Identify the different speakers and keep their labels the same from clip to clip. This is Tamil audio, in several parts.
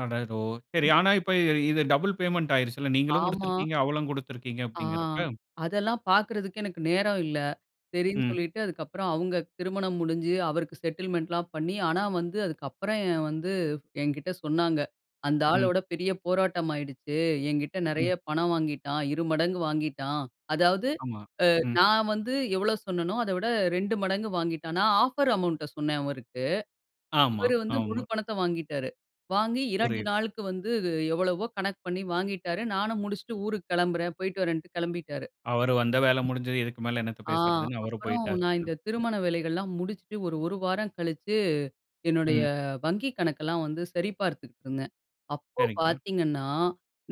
Speaker 1: அடடோ! சரி. ஆனா, இப்ப இ இது டபுள் பேமெண்ட் ஆயிருச்சுல்ல. நீங்களும்
Speaker 2: ஆமா.
Speaker 1: குடுத்திருக்கீங்க, அவளும் குடுத்துருக்கீங்க
Speaker 2: ஆ,
Speaker 1: அப்பிடிங்கிறப்ப.
Speaker 2: அதெல்லாம் பாக்குறதுக்கு எனக்கு நேரம் இல்ல. சரின்னு
Speaker 1: ம்.
Speaker 2: சொல்லிட்டு அதுக்கப்பறம் அவுங்க திருமணம் முடிஞ்சு அவருக்கு செட்டில்மென்ட்லாம் பண்ணி, ஆனா வந்து அதுக்கப்பறம் வந்து என்கிட்ட சொன்னாங்க. அந்த
Speaker 1: ம்.
Speaker 2: ஆளோட பெரிய போராட்டமாயிடுச்சு. என்கிட்ட
Speaker 1: ம்.
Speaker 2: நெறைய பணம் வாங்கிட்டான். இரு மடங்கு வாங்கிட்டான். அதாவது
Speaker 1: ஆமா.
Speaker 2: அ
Speaker 1: ம்.
Speaker 2: நான் வந்து எவ்ளோ சொன்னேனோ, அதை விட 2 மடங்கு வாங்கிட்டான். நான் ஆஃபர் அமௌண்ட் சொன்னேன் அவருக்கு.
Speaker 1: ஆமா,
Speaker 2: இவரு வந்து முழு
Speaker 1: ஆமா.
Speaker 2: பணத்த வாங்கிவிட்டாரு. வாங்கி 2
Speaker 1: புரியுது.
Speaker 2: நாளுக்கு வந்து அ எவ்வளவோ கணக்கு பண்ணி வாங்கிவிட்டாரு. நானும் முடிச்சிட்டு ஊருக்கு கிளம்புறேன், போயிட்டு வர்றேன்னுட்டு கிளம்பிட்டாரு.
Speaker 1: அவரு வந்த வேலை முடிஞ்சிது. இதுக்கு மேல என்னத்த
Speaker 2: ஆ
Speaker 1: பேசுறதுன்னு அவரு
Speaker 2: அப்புறம்
Speaker 1: போயிட்டாரு
Speaker 2: நான் இந்த
Speaker 1: [unintelligible]
Speaker 2: திருமண வேலைகள்லாம் முடிச்சுட்டு ஒரு, ஒரு வாரம் கழிச்சு, என்னுடைய
Speaker 1: ம்.
Speaker 2: வங்கிக் கணக்கெல்லாம் வந்து சரிபார்த்துட்டு இருந்தேன். அப்போ
Speaker 1: சரிங்க.
Speaker 2: பாத்தீங்கன்னா,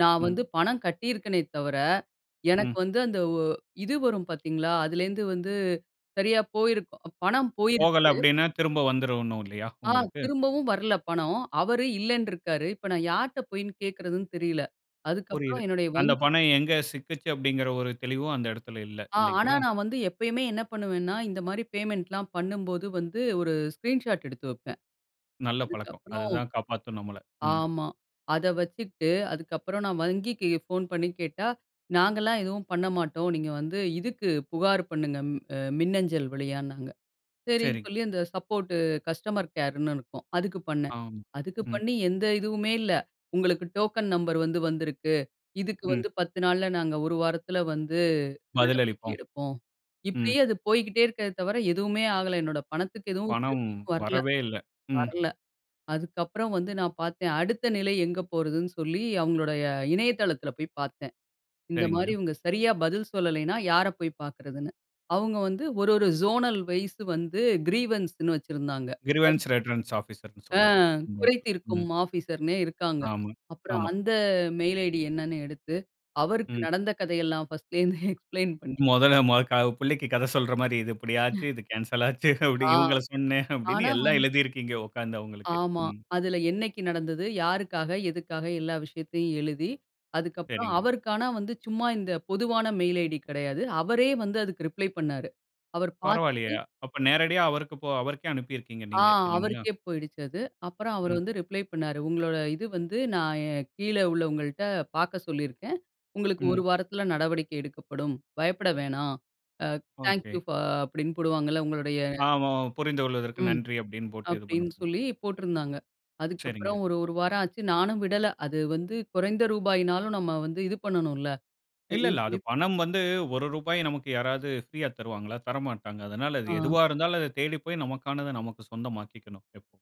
Speaker 2: நான்
Speaker 1: ம்.
Speaker 2: வந்து பணம் கட்டியிருக்கேனே தவிர, எனக்கு
Speaker 1: ம்.
Speaker 2: வந்து அந்த ஒ இது வரும் பாத்தீங்களா! அதுலேருந்து வந்து சரியா போயிருக்கும் பணம்
Speaker 1: போகல
Speaker 2: போயிருச்சு.
Speaker 1: அப்பிடின்னா திரும்ப வந்துரும் ஒன்னு இல்லயா
Speaker 2: ஆ,
Speaker 1: உங்களுக்கு!
Speaker 2: திரும்பவும் வரல்ல பணம். அவரு இல்லன்னு இருக்குறாரு. இப்போ நான் யாரிட்ட போய் கேட்குறதுன்னு தெரியல்ல. அதுக்கு
Speaker 1: புரியுது.
Speaker 2: அப்புறம் என்னுடைய
Speaker 1: அந்த
Speaker 2: வங்கி
Speaker 1: பணம் எங்கு சிக்குச்சி அப்பிடிங்கிற ஒரு தெளிவும் அந்த இடத்தில இல்ல.
Speaker 2: ஆ ஆனா
Speaker 1: இல்லங்களா!
Speaker 2: நான் வந்து எப்பயுமே என்ன பண்ணுவேன்னா, இந்தமாரி பேமெண்ட்லாம் பண்ணும்போது வந்து ஒரு ஸ்க்ரீன் ஷாட் எடுத்து வைப்பேன்.
Speaker 1: நல்ல பழக்கம்.
Speaker 2: அதுக்கப்புறம்
Speaker 1: அதுதான் காப்பாத்தும் நம்மள, ம்.
Speaker 2: ஆமா. அத வச்சுக்கிட்டு அதுக்கப்புறம் நான் வங்கிக்கு ஃபோன் பண்ணி கேட்டா, நாங்கலாம் எதுவும் பண்ண மாட்டோம். நீங்க வந்து இதுக்கு புகார் பண்ணுங்க, அ மின்னஞ்சல் வழியானாங்க. சரின்னு,
Speaker 1: சரிங்க.
Speaker 2: சொல்லி அந்த சப்போர்ட் கஸ்டமர் கேர்ன்னு இருக்கும். அதுக்கு பண்ணேன்.
Speaker 1: ஆம்,
Speaker 2: அதுக்கு
Speaker 1: ம்.
Speaker 2: பண்ணி எந்த இதுவுமே இல்ல. உங்களுக்கு டோக்கன் நம்பர் வந்து வந்திருக்கு. இதுக்கு
Speaker 1: ம்.
Speaker 2: வந்து 10 நாள்ல நாங்க ஒரு வாரத்துல வந்து
Speaker 1: பதில்
Speaker 2: நடவடிக்கை
Speaker 1: அளிப்போம்.
Speaker 2: எடுப்போம்.
Speaker 1: ம்.
Speaker 2: இப்பிடியே அது போய்க்கிட்டே இருக்கே தவிர, எதுவுமே ஆகல. என்னோட பணத்துக்கு எதுவும்
Speaker 1: பணம்
Speaker 2: திருப்பியும் வரல,
Speaker 1: வரவே இல்ல. ம்.
Speaker 2: வரல. அதுக்கப்புறம் வந்து நான் பாத்தேன் அடுத்த நிலை எங்கு போறதுன்னு சொல்லி, அவங்களுடைய இணையதளத்தில போய் பாத்தேன். இந்தமாரி
Speaker 1: சரிங்க.
Speaker 2: இவுங்க சரியா பதில் சொல்லல்லயின்னா, யார போய் பாக்குறதுன்னு. அவுங்க வந்து ஒரு, ஒரு ஜோனல் வைஸ் வந்து கிரீவன்ஸ்ன்னு வச்சிருந்தாங்க. [unintelligible]
Speaker 1: கிரிவன்ஸ் ரெட்ரன்ஸ் ஆபிசர்ன்னு
Speaker 2: ஆ,
Speaker 1: சொல்வாங்க
Speaker 2: குறை
Speaker 1: [unintelligible] ம்.
Speaker 2: தீர்க்கும் ஆபிசர்னே இருக்காங்க.
Speaker 1: ஆமா,
Speaker 2: அப்புறம்
Speaker 1: ஆமா.
Speaker 2: அந்த மெயில் ஐடி என்னான்னு எடுத்து அவருக்கு
Speaker 1: ம்.
Speaker 2: நடந்த கதைய எல்லாம் பர்ஸ்ட்ல இருந்து எக்ஸ்ப்ளெயின் பண்ணி.
Speaker 1: முதல்ல [unintelligible] பிள்ளைக்கு கத சொல்றமாரி இது. எப்பிடி ஆச்சு,
Speaker 2: [unintelligible]
Speaker 1: இது கேன்சல் ஆச்சு,
Speaker 2: ஆ.
Speaker 1: இவுங்கள சொன்னேன் அப்பிடின்னு
Speaker 2: ஆனா
Speaker 1: எல்லாம்
Speaker 2: வந்
Speaker 1: எழுதி இருக்கீங்க உட்கார்ந்து அவுங்களுக்கு.
Speaker 2: ஆமா.
Speaker 1: ம்.
Speaker 2: அதுல என்னைக்கு நடந்தது? யாருக்கா? எதுக்காக? எல்லா விஷயத்தையும் எழுதி அதுக்கப்பறம்
Speaker 1: சரிங்க.
Speaker 2: அவருக்கான வந்து சும்மா இந்த பொதுவான மெயில் ஐடி கிடையாது. அவரே வந்து அதற்கு ரிப்ளை பண்ணுனாரு. அவரு
Speaker 1: பரவாயில்லயே!
Speaker 2: பாத்துட்டு
Speaker 1: அப்ப நேரடியா அவருக்கு போ அவருக்கே அனுப்பியிருக்கிறீங்க
Speaker 2: ஆ
Speaker 1: நீங்க இல்லேங்களா!
Speaker 2: அவருக்கே போயிடுச்சு அது. அப்புறம் அவரு
Speaker 1: ம்.
Speaker 2: வந்து ரிப்ளை பண்ணாரு. உங்களோட இது வந்து நான் கீழே உள்ளவங்கள்ட்ட பாக்க சொல்லியிருக்கேன். உங்களுக்கு ஒரு
Speaker 1: ம்.
Speaker 2: வாரத்துல நடவடிக்கை எடுக்கப்படும். பயப்பட வேணாம். Thank
Speaker 1: okay.
Speaker 2: யூ ஃபார் அப்பிடின்னு போடுவாங்கல்ல, உங்களுடைய
Speaker 1: ஆமா, புரிந்து கொள்வதற்கு
Speaker 2: ம்.
Speaker 1: நன்றி அப்பிடின்னு போட்டு இது பண்ண
Speaker 2: அப்பிடீன்னு சொல்லி போட்டிருந்தாங்க.
Speaker 1: சரிங்க.
Speaker 2: அதுக்கப்பறம் ஒரு, ஒரு வாரம் ஆச்சு நானும் விடல. அது வந்து குறைந்த ரூபாயினாலும் நம்ம வந்து இது பண்ணணுல்ல.
Speaker 1: இல்ல, இல்ல.
Speaker 2: சரின்னு
Speaker 1: அது
Speaker 2: சொல்லி.
Speaker 1: பணம் வந்து ரூ.1 நமக்கு யாராவது ப்ரீயா தருவாங்களா? தரமாட்டாங்க. அதனால அது
Speaker 2: ஆ.
Speaker 1: எதுவா இருந்தாலும் அத தேடி போய் நமக்கானது நமக்கு சொந்தமாக்கிக்கணும் எப்